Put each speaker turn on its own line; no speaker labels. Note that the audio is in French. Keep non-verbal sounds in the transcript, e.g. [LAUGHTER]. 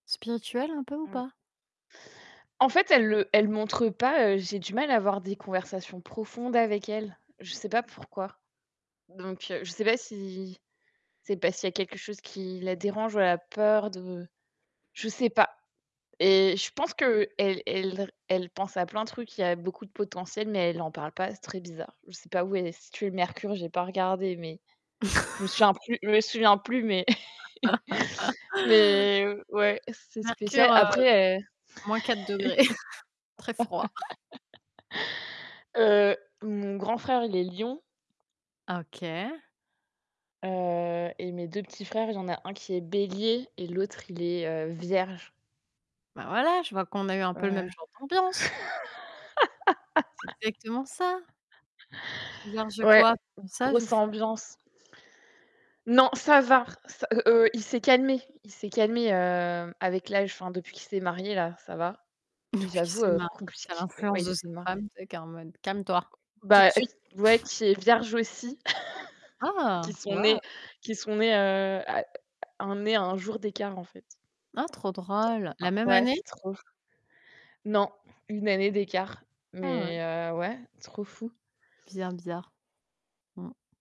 Spirituel un peu ou
Mmh.
pas?
En fait, elle le elle montre pas, heu, j'ai du mal à avoir des conversations profondes avec elle. Je sais pas pourquoi. Donc heu, je sais pas si c'est parce qu'il y a quelque chose qui la dérange ou elle a peur de je sais pas. Et je pense qu'elle elle l elle pense à plein de trucs, il y a beaucoup de potentiel mais elle en parle pas, c'est très bizarre. Je sais pas où est située le mercure, j'ai pas regardé mais je me souviens
[LAUGHS]
plus je me souviens plus mais
[LAUGHS]
[CHUCKLES] mais ouais, c'est
Mercure,
spécial.
heu,
Après, heu
-4°, [CHUCKLES] très froid.
[LAUGHS] heu, mon grand frère, il est lion
Ah OK.
heu et mes 2 petits frères, il y en a un qui est bélier et l'autre, il est, heu, vierge.
Bah voilà, je vois qu'on a eu un
Oh
peu le
là là!
même genre d'ambiance. C'est exactement ça!
[LAUGHS]
Vierge
Ouais,
quoi? Sage ou
grosse
folle?
ambiance. Non, ça va r heu, heu, il s'est calmé. Il s'est calmé, heu, avec l'âge, enfin depuis qu'il s'est marié, là, ça va.
[CHUCKLES] Depuis qu'il
J'avoue,
s'est
heu,
marié,
compliq
tu as
ouais, il
l'influence de
s'est
sa
ma
femme, tu sais, qui est en mode: «Calme-toi, tout de
Bah
suite».
ouais
[CHUCKLES]
qui est vierge aussi, [LAUGHS] qui
Ah!
sont
Wouah!
nés qui sont nés, heu, à à un nés à 1 jour d'écart en fait.
Ah trop
Tr
drôle! La
hein.
même
Ouais
année?
c'est trop ouf. Non, 1 année d'écart
Ah ouais.
mais heu, ouais, trop fou.
Bizarre, bizarre. Mmh.